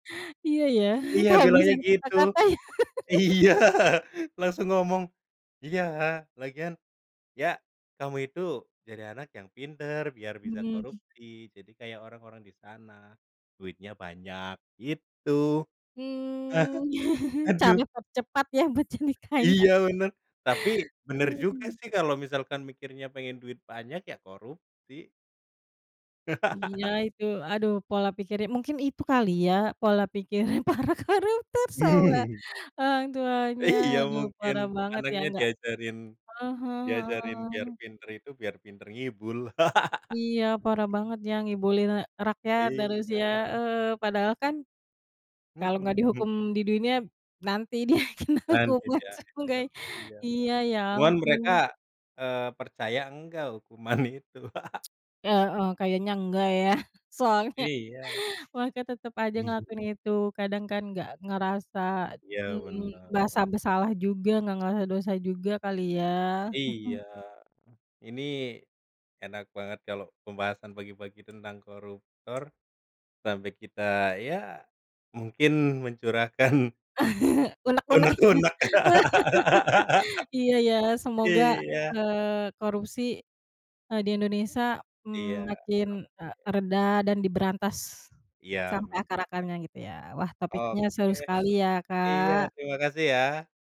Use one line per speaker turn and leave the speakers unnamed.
Iya ya
Iya bilangnya
kehabisan
gitu,
kata-kata.
iya langsung ngomong, iya lagian, ya kamu itu jadi anak yang pinter biar bisa
Mmm.
korupsi jadi kayak orang-orang disana, duitnya banyak gitu,
Mmm,
aduh.
cara tercepat ya buat jadi kaya.
Iya bener tapi bener juga
Aduh.
sih kalo misalkan mikirnya pengen duit banyak ya korupsi.
Iya itu aduh pola pikirnya mungkin itu kali ya pola pikirnya para koruptor sama orang tuanya
Iya
aduh
mungkin
parah banget ya
anaknya
nggak,
diajarin,
ah hah,
diajarin biar
heeh.
pinter itu biar pinter ngibul.
Iya parah banget ya ngibulin, eee, rakyat dan harusnya,
Iya.
eee, padahal kan kalau enggak
Mhm.
dihukum di dunia nanti dia kena
Lanjut
hukuman
ya
seenggak
heran iya,
iya ya
cuman
ampun.
mereka, eee, percaya enggak hukuman itu.
Heeh, kayaknya enggak ya soalnya
Iya.
mereka tetep aja ngelakuin itu kadang kan gak ngerasa,
Iya
mhm,
bener.
merasa bersalah juga gak ngerasa dosa juga kali ya?
Iya,
Mhm.
ini, enak banget kalo pembahasan pagi-pagi tentang koruptor, sampe kita ya, mungkin mencurahkan
Unek-unek
unek-unek,
iya, iya ya semoga,
iya.
eee, korupsi, eee, di Indonesia,
Iya..
mmm, makin, eee,
[unintelligible]
reda dan diberantas,
Iya
sampai
amin.
akar-akarnya gitu ya wah topiknya seru
Oke,
sekali ya,
iya
Kak.
terima kasih ya.